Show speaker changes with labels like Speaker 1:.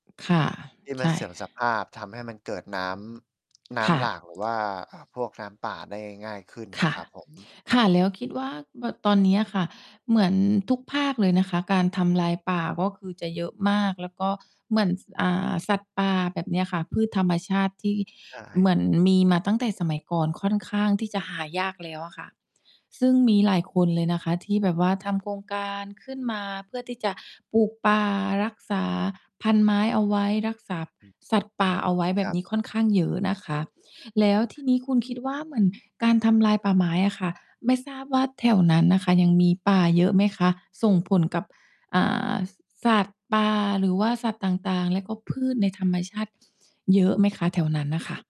Speaker 1: ค่ะ
Speaker 2: ที่
Speaker 1: ใ
Speaker 2: ม
Speaker 1: ช
Speaker 2: ัน
Speaker 1: ่
Speaker 2: เสื่อมสภาพ ทำให้มันเกิดน้ำ น้
Speaker 1: ค่
Speaker 2: ำ
Speaker 1: ะ
Speaker 2: หลากหรือว่า อ่า พวกน้ำป่าได้ง่าย ๆ ขึ้น
Speaker 1: ค
Speaker 2: น่ะ
Speaker 1: ่ะ
Speaker 2: ครับผม
Speaker 1: ค่ะ แล้วคิดว่าแบบตอนเนี้ยค่ะ เหมือนทุกภาคเลยนะคะ การทำลายป่าก็คือจะเยอะมาก แล้วก็เหมือน อ่า สัตว์ป่าแบบเนี้ยค่ะ พืชธรรมชาติที่
Speaker 2: ใช
Speaker 1: เหมือน
Speaker 2: ่
Speaker 1: มีมาตั้งแต่สมัยก่อนค่อนข้างที่จะหายากแล้วอะค่ะ ซึ่งมีหลายคนเลยนะคะที่แบบว่าทำโครงการขึ้นมาเพื่อที่จะปลูกป่า รักษาพันธุ์ไม้เอาไว้ รักษาสัตว์ป่าเอาไว้แบ
Speaker 2: คร
Speaker 1: บ
Speaker 2: ับ
Speaker 1: นี้ค่อนข้างเยอะนะคะ แล้วทีนี้คุณคิดว่า เหมือนการทำลายป่าไม้อะค่ะ ไม่ทราบว่าแถวนั้นน่ะค่ะยังมีป่าเยอะไหมคะ ส่งผลกับ อ่า สัตว์ป่า หรือว่าสัตว์ต่าง ๆ และก็พืชในธรรมชาติ เยอะไหมคะ แถวนั้นน่ะค่ะ?